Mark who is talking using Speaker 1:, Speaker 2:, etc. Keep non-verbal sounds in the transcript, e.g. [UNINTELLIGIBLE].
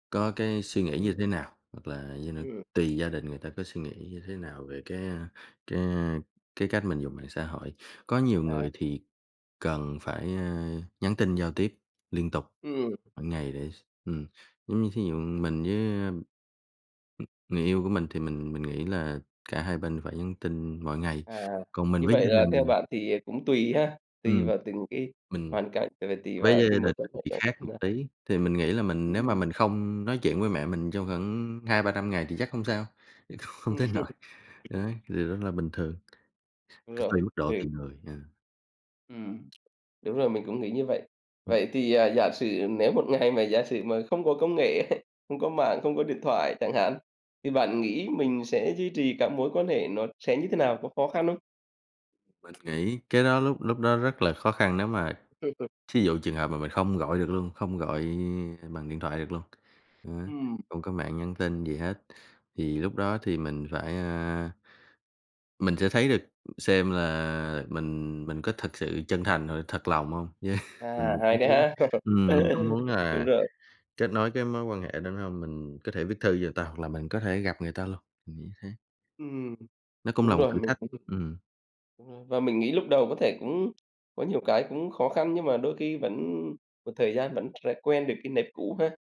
Speaker 1: Có cái suy nghĩ
Speaker 2: Ừm.
Speaker 1: như thế nào, hoặc là [UNINTELLIGIBLE]
Speaker 2: Ừm.
Speaker 1: tùy gia đình người ta có suy nghĩ như thế nào về cái, a, cái, a, cái cách mình dùng mạng xã hội, có nhiều
Speaker 2: À.
Speaker 1: người thì cần phải, ơ, nhắn tin giao tiếp liên tục
Speaker 2: Ừm.
Speaker 1: mỗi ngày để s ừm, giống như thí dụ mình với, ơ, ừm, người yêu của mình, thì mình mình nghĩ là cả hai bên phải nhắn tin mỗi ngày,
Speaker 2: À,
Speaker 1: còn mình
Speaker 2: như
Speaker 1: với
Speaker 2: vậy
Speaker 1: gia
Speaker 2: là theo
Speaker 1: đình
Speaker 2: bạn thì cũng tùy ha, tùy
Speaker 1: ừm,
Speaker 2: vào từng cái
Speaker 1: mình
Speaker 2: hoàn cảnh, ờ, và tùy vào
Speaker 1: với
Speaker 2: những
Speaker 1: gia
Speaker 2: cái
Speaker 1: đình mình
Speaker 2: mối quan hệ
Speaker 1: thì
Speaker 2: đó
Speaker 1: khác
Speaker 2: như thế
Speaker 1: một
Speaker 2: nào.
Speaker 1: tí, thì mình nghĩ là mình nếu mà
Speaker 2: Ừm.
Speaker 1: mình không nói chuyện với mẹ mình trong khoảng 200-300 ngày thì chắc hông sao, không
Speaker 2: Ừm.
Speaker 1: tới nỗi,
Speaker 2: [CHUCKLES]
Speaker 1: đấy, điều đó là bình thường,
Speaker 2: Đúng rồi,
Speaker 1: tùy mức độ,
Speaker 2: ừ.
Speaker 1: tùy người, à.
Speaker 2: Ừm, đúng rồi, mình cũng nghĩ như vậy.
Speaker 1: Ừm.
Speaker 2: Vậy thì, à, giả sử nếu một ngày mà giả sử mà không có công nghệ ấy, không có mạng, không có điện thoại chẳng hạn, thì bạn nghĩ mình sẽ duy trì các mối quan hệ nó sẽ như thế nào, có khó khăn hông?
Speaker 1: Mình nghĩ cái đó lúc lúc đó rất là khó khăn nếu mà thí dụ trường hợp mà mình không gọi được luôn, không gọi, à, bằng điện thoại được luôn, đó,
Speaker 2: Ừm.
Speaker 1: không có mạng nhắn tin gì hết, thì lúc đó thì mình phải, a mình sẽ thấy được xem là mình mình có thật sự chân thành rồi thật lòng hông, với
Speaker 2: À, hay đấy
Speaker 1: [UNINTELLIGIBLE]
Speaker 2: ha?
Speaker 1: ừm, mình cũng muốn
Speaker 2: [LAUGHS] Đúng
Speaker 1: là
Speaker 2: rồi.
Speaker 1: kết nối cái mối quan hệ đó nữa hông, mình có thể viết thư cho người ta hoặc là mình có thể gặp người ta luôn, mình nghĩ thế.
Speaker 2: Ừm,
Speaker 1: Nó cũng
Speaker 2: đúng
Speaker 1: là một
Speaker 2: rồi,
Speaker 1: thử
Speaker 2: mình
Speaker 1: thách, ừm.
Speaker 2: [UNINTELLIGIBLE] đúng rồi, và mình nghĩ lúc đầu có thể cũng có nhiều cái cũng khó khăn nhưng mà đôi khi vẫn một thời gian vẫn sẽ quen được cái nếp cũ ha.